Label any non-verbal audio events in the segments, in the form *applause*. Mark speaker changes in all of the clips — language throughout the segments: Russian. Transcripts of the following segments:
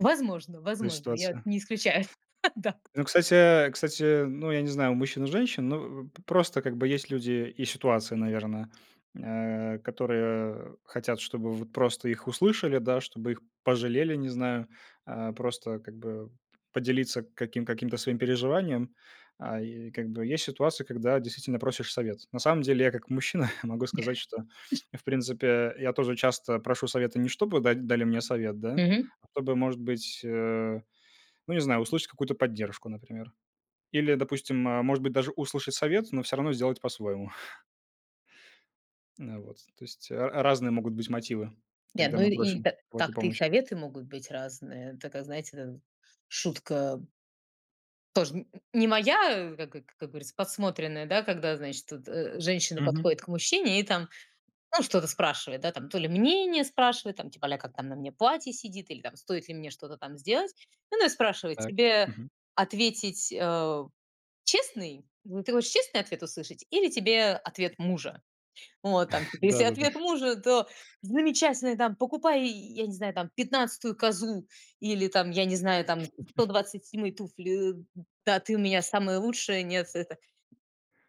Speaker 1: Возможно,
Speaker 2: В этой
Speaker 1: возможно. Я
Speaker 2: ситуации.
Speaker 1: не исключаю, *chuckles* да.
Speaker 2: Ну, кстати кстати, ну, я не знаю, у мужчин, у женщин, ну, п просто как бы есть люди и ситуации, наверное, э, которые, э, хотят, чтобы вот просто их услышали, да, чтобы их пожалели, не знаю. А, просто, как бы, п-поделиться каким каким-то своим переживанием. А, и как бы есть ситуации, когда действительно просишь совет. На самом деле я как мужчина *chuckles* могу сказать, что, в принципе, я тоже часто прошу советы не чтобы да дали мне совет, да,
Speaker 1: Мгм.
Speaker 2: а чтобы, может быть, э, ну, не знаю, услышать какую-то поддержку, например. Или, допустим, может быть, даже услышать совет, но всё равно сделать по-своему. *chuckles* Н э, вот, то есть ра разные могут быть мотивы,
Speaker 1: Ни
Speaker 2: когда
Speaker 1: одной
Speaker 2: мы
Speaker 1: и
Speaker 2: просим
Speaker 1: та
Speaker 2: у кого-то
Speaker 1: так-то и
Speaker 2: помощи.
Speaker 1: советы могут быть разные. Такая, знаете, дэ шутка тоже н не моя, как э как говорится, подсмотренная, да, когда, значит, тут, э, женщина
Speaker 2: Мгм.
Speaker 1: подходит к мужчине и там, ну, что-то спрашивает, да, там то ли мнение спрашивает, там типа а-ля "Как там на мне платье сидит" или "Стоит ли мне что-то там сделать". Ну и спрашивает:
Speaker 2: Так,
Speaker 1: "Тебе
Speaker 2: мгм.
Speaker 1: ответить, э честный? Ты хочешь честный ответ услышать, или тебе ответ мужа?" Вот там,
Speaker 2: *chuckles*
Speaker 1: если
Speaker 2: Да-да-да.
Speaker 1: ответ мужа, то: "Замечательный", там, "Покупай", я не знаю, там: "15 козу" или, там, я не знаю, там: "сто
Speaker 2: *chuckles*
Speaker 1: двадцать седьмые туфли", э. "Да, ты у меня самая лучшая, нет, это"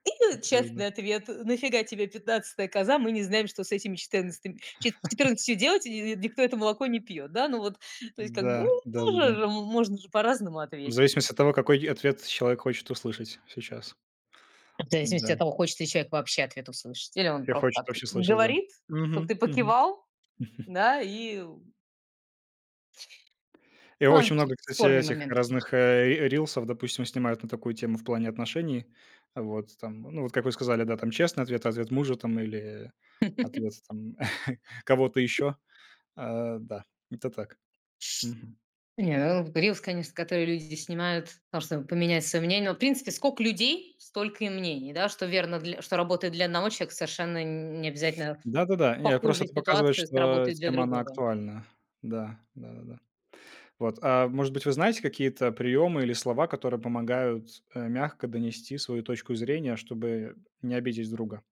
Speaker 1: И честный
Speaker 2: Да-да-да.
Speaker 1: ответ: "На фига тебе 15 коза? Мы не знаем, что с этими четырнадцат четырндцатью делать, и
Speaker 2: *laughs*
Speaker 1: никто это молоко не пьет", да, ну, вот, то есть, как бы
Speaker 2: Да.
Speaker 1: тоже
Speaker 2: Да-да-да.
Speaker 1: же можно же по-разному
Speaker 2: В
Speaker 1: ответить.
Speaker 2: зависимости от того, какой и ответ человек хочет услышать сейчас.
Speaker 1: В зависимости
Speaker 2: Да.
Speaker 1: от того, хочется ли человек вообще ответ услышать, или он
Speaker 2: Или
Speaker 1: просто
Speaker 2: хочет
Speaker 1: так
Speaker 2: вообще слышать, да.
Speaker 1: говорит, чтобы ты
Speaker 2: Мгм, мгм.
Speaker 1: покивал,
Speaker 2: *chuckles*
Speaker 1: да, и Ой,
Speaker 2: И очень
Speaker 1: вообще
Speaker 2: много,
Speaker 1: это
Speaker 2: кстати,
Speaker 1: спорный
Speaker 2: этих,
Speaker 1: момент это конечно.
Speaker 2: разных, э, р рилсов, допустим, снимают на такую тему, в плане отношений. Вот, там, ну, вот, как вы сказали, да, там, честный ответ, ответ мужа, там, или ответ, там, *chuckles* кого-то
Speaker 1: *laughs*
Speaker 2: еще. Э, да, это так. Мгм.
Speaker 1: Не, э, рилс, конечно, который люди здесь снимают, там, чтобы поменять свое мнение. В принципе, сколько людей, столько и мнений. Да, что, верно, дл что работает для одного человека, совершенно н не обязательно в
Speaker 2: Да-да-да. Не, это просто
Speaker 1: похожей
Speaker 2: это показывает,
Speaker 1: ситуации
Speaker 2: что
Speaker 1: сработает для
Speaker 2: тема, она
Speaker 1: другого.
Speaker 2: актуальна. Да. Да-да-да. Вот, а может быть, вы знаете какие-то приемы или слова, которые помогают, э, мягко донести свою точку зрения, чтобы не обидеть друга?